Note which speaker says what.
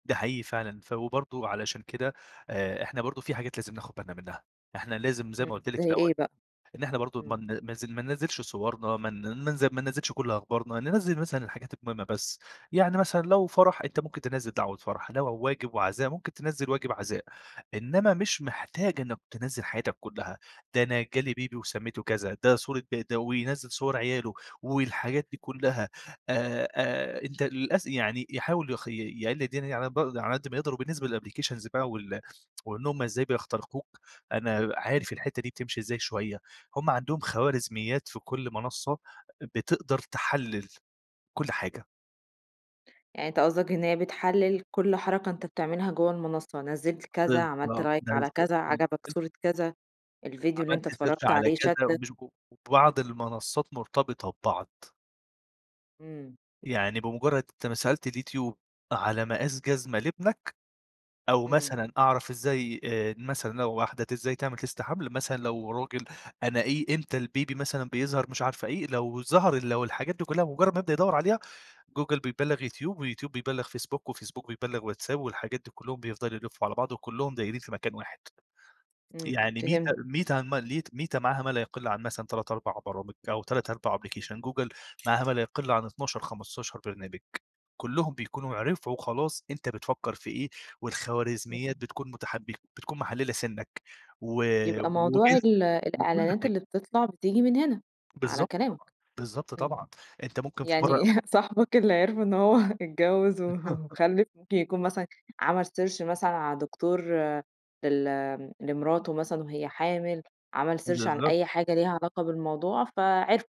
Speaker 1: ده حقيقي فعلًا ف وبرضو علشان كده آآ، إحنا برضو في حاجات لازم ناخد بالنا منّها، إحنا لازم زي
Speaker 2: إمم
Speaker 1: ما قُلت لِك في
Speaker 2: زي
Speaker 1: الأول
Speaker 2: إيه بقى؟
Speaker 1: إن إحنا برضو ما
Speaker 2: إمم.
Speaker 1: بن ما ز ما ننزّلش صورنا ما ن ننز ما ننزّلش كُلّ أخبارنا، ننزّل مثلًا الحاجات المهمة بس، يعني مثلًا لو فَرح أنت ممكن تنزّل دعوة فَرح، لو و واجب وعزاء ممكن تنزّل واجب عزاء، إنّما مش محتاج إنِّك تنزّل حياتك كلّها، ده أنا جالي بيبي وسميته كذا، ده صورة بد وينزّل صور عياله والحاجات دي كلّها، آآ آآ، أنت للأس يعني يحاول يخ ي يقلل الدنيا دي على ب على قدّ ما يقدر، وبالنسبة للأبليكيشنز بقى وال وإن هُم إزاي بيخترقوك، أنا
Speaker 2: إمم.
Speaker 1: عارف الحتة دي بتمشي إزاي شوية، هُم عندهم خوارزميات في كُلّ منصّة بتقدر تحلل كُلّ حاجة.
Speaker 2: يعني أنت قصدك إن هي بتحلل كُلّ حركة أنت بتعملها جوه المنصّة، نزّلت كذا، عملت
Speaker 1: بالضبط.
Speaker 2: لايك على كذا، عجبك
Speaker 1: [unintelligible]
Speaker 2: صورة كذا، الفيديو اللي أنت
Speaker 1: عملت سيرش
Speaker 2: اتفرّجت
Speaker 1: على
Speaker 2: عليه
Speaker 1: كذا و
Speaker 2: شَدّك.
Speaker 1: [unintelligible]
Speaker 2: إمم.
Speaker 1: وبعض المنصات مرتبطة ببعض.
Speaker 2: إمم.
Speaker 1: يعني بمجرّد أنت ما سألت اليوتيوب على مقاس جزمة لابنك، أو
Speaker 2: إمم.
Speaker 1: مثلًا أعرف إزاي آآ، مثلًا لو واحدة ت إزاي تعمل test حمل مثلًا، لو راجل أنا إيه إمتى البيبي مثلًا بيظهر مش عارفة إيه، لو ظهر ال لو الحاجات دي كلّها بمجرّد ما يبدأ يدوّر عليها، جوجل بيبلغ يوتيوب، ويوتيوب بيبلغ فيسبوك، وفيسبوك بيبلغ واتساب، والحاجات دي كلّهم بيفضلوا يلفّوا على بعض، وكلّهم دايرين في مكان واحد،
Speaker 2: إمم
Speaker 1: يعني ميتا
Speaker 2: فهمتك.
Speaker 1: ميتا هان ما ليتا ميتا معاها ما لا يقل عن مثلًا 3 4 برامج أو 3 4
Speaker 2: إمم.
Speaker 1: أبلكيشن، جوجل معاها ما لا يقل عن 12 15 برنامج، كلّهم بيكونوا عرفوا خلاص أنت بتفكّر في إيه،
Speaker 2: إمم.
Speaker 1: والخوارزميات بتكون مُتحبك بتكون محللة سِنك و
Speaker 2: يبقى موضوع
Speaker 1: وجنسك
Speaker 2: ال
Speaker 1: وكُلّ
Speaker 2: الإعلانات
Speaker 1: حاجة.
Speaker 2: اللي بتطلع بتيجي من هنا، على
Speaker 1: بالضبط
Speaker 2: كلامك.
Speaker 1: طبعًا، بالضبط
Speaker 2: إمم،
Speaker 1: طبعًا، أنت ممكن في
Speaker 2: يعني
Speaker 1: مرّة
Speaker 2: صاحبك اللي عرفوا إن هو اتجوز وخلّف ممكن يكون مثلًا عمل سيرش مثلًا على دكتور لل آمم، لمراته مثلًا وهي حامل، عمل سيرش عن
Speaker 1: بالضبط.
Speaker 2: أي حاجة ليها علاقة بالموضوع فعرفوا.